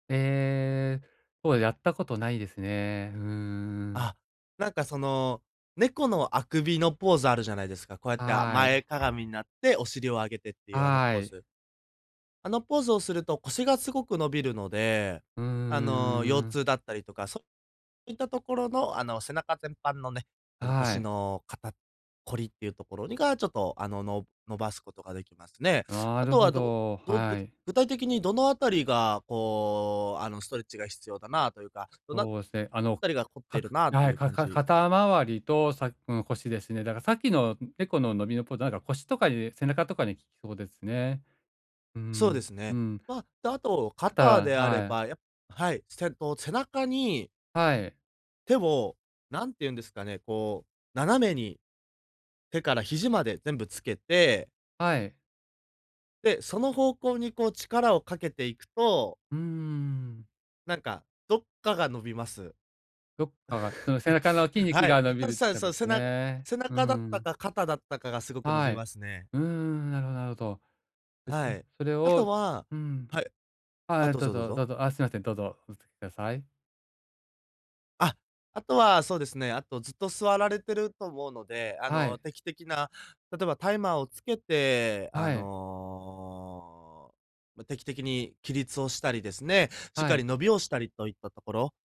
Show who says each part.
Speaker 1: ええ、そうやったことないですね。うーん。
Speaker 2: あ、なんかその、猫のあくびのポーズあるじゃないですか。こうやって
Speaker 1: はい。
Speaker 2: 前かがみになって、お尻を上げてっていうあの
Speaker 1: は
Speaker 2: ポー
Speaker 1: い。
Speaker 2: ズ。あのポーズをすると腰がすごく伸びるので、
Speaker 1: う
Speaker 2: あの、腰
Speaker 1: んうん。
Speaker 2: 痛だったりとか、そういったところのあの、背中全般のね、あの、
Speaker 1: は
Speaker 2: 腰
Speaker 1: い。
Speaker 2: の肩こりっていうところにが、ちょっとあの、の伸ばすことができますね。
Speaker 1: な
Speaker 2: あ
Speaker 1: る
Speaker 2: と
Speaker 1: ほ
Speaker 2: は、ど
Speaker 1: ど、
Speaker 2: ど
Speaker 1: は
Speaker 2: ぶ
Speaker 1: い。
Speaker 2: 具体的にどのあたりが、こう、あの、ストレッチが必要だなというか、どの
Speaker 1: そうですね。あの
Speaker 2: 辺りが凝って
Speaker 1: か
Speaker 2: る
Speaker 1: く
Speaker 2: なあって
Speaker 1: は
Speaker 2: い
Speaker 1: い、
Speaker 2: う
Speaker 1: か
Speaker 2: 感
Speaker 1: か
Speaker 2: じ
Speaker 1: 肩回りとさうん、腰ですね。だからさっきの猫の伸びのポーズ、なんか腰とかに、背中とかに効きそうですね。う
Speaker 2: そうで
Speaker 1: ん、
Speaker 2: す
Speaker 1: う
Speaker 2: ね。
Speaker 1: ん。
Speaker 2: ま、で、あと
Speaker 1: た
Speaker 2: 肩
Speaker 1: だ
Speaker 2: であれ
Speaker 1: はい。
Speaker 2: ば、やっはい、せと背中に
Speaker 1: はい。
Speaker 2: 手を、何て言うんですかね、こう、斜めに、手から肘まで全部つけて
Speaker 1: はい。
Speaker 2: で、その方向にこう力をかけていくと
Speaker 1: うーん。
Speaker 2: なんか、どっかが伸びます。
Speaker 1: どっかが、その背中の筋 肉
Speaker 2: はい、
Speaker 1: が伸び
Speaker 2: ただ、
Speaker 1: る
Speaker 2: そ
Speaker 1: と
Speaker 2: うで
Speaker 1: かで
Speaker 2: す。
Speaker 1: すか
Speaker 2: せな
Speaker 1: ね。
Speaker 2: 背
Speaker 1: う
Speaker 2: 中だった
Speaker 1: ん。
Speaker 2: か、肩だったかがすごく伸
Speaker 1: は
Speaker 2: び
Speaker 1: い。
Speaker 2: ますね。
Speaker 1: うーん、なるほどなるほど。で、そ
Speaker 2: はい。
Speaker 1: それ
Speaker 2: あと
Speaker 1: を
Speaker 2: は
Speaker 1: うん。
Speaker 2: はい。あ、
Speaker 1: はい、
Speaker 2: どう
Speaker 1: どう
Speaker 2: ぞどう
Speaker 1: ぞど
Speaker 2: ぞ。
Speaker 1: うぞ。あ、すいません。どうぞお続けください。
Speaker 2: あ、あとは、そうですね、あとずっと座られてると思うので、あ
Speaker 1: は
Speaker 2: の、
Speaker 1: い。
Speaker 2: 定期的な、例えばタイマーをつけて、あ
Speaker 1: はい。
Speaker 2: の、ま、定期的に起立をしたりですね、しっ
Speaker 1: は
Speaker 2: か
Speaker 1: い。
Speaker 2: り伸びをしたりといったところ